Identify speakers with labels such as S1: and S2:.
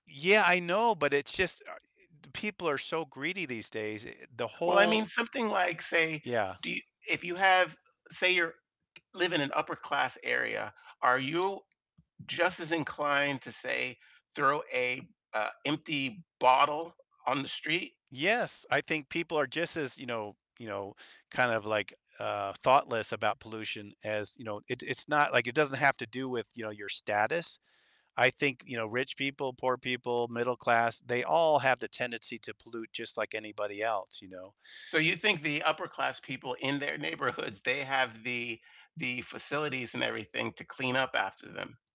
S1: Yeah, I know, but it's just ah, i d people are so greedy these days, a and the
S2: Well, I
S1: whole
S2: mean something like, say,
S1: Yeah.
S2: do y if you have say you're live in an upper-class area, are you just as inclined to, say, throw a, uh, empty bottle on the street?
S1: Yes, I think people are just as, you know you know, kind of like, uh, thoughtless about pollution as you know, it it's not like, it doesn't have to do with, you know, your status, I think, you know, rich people, poor people, middle class, they all have the tendency to pollute just like anybody else, you know?
S2: So, you think the upper-class people in their neighborhoods, they have the the facilities and everything to clean up after them?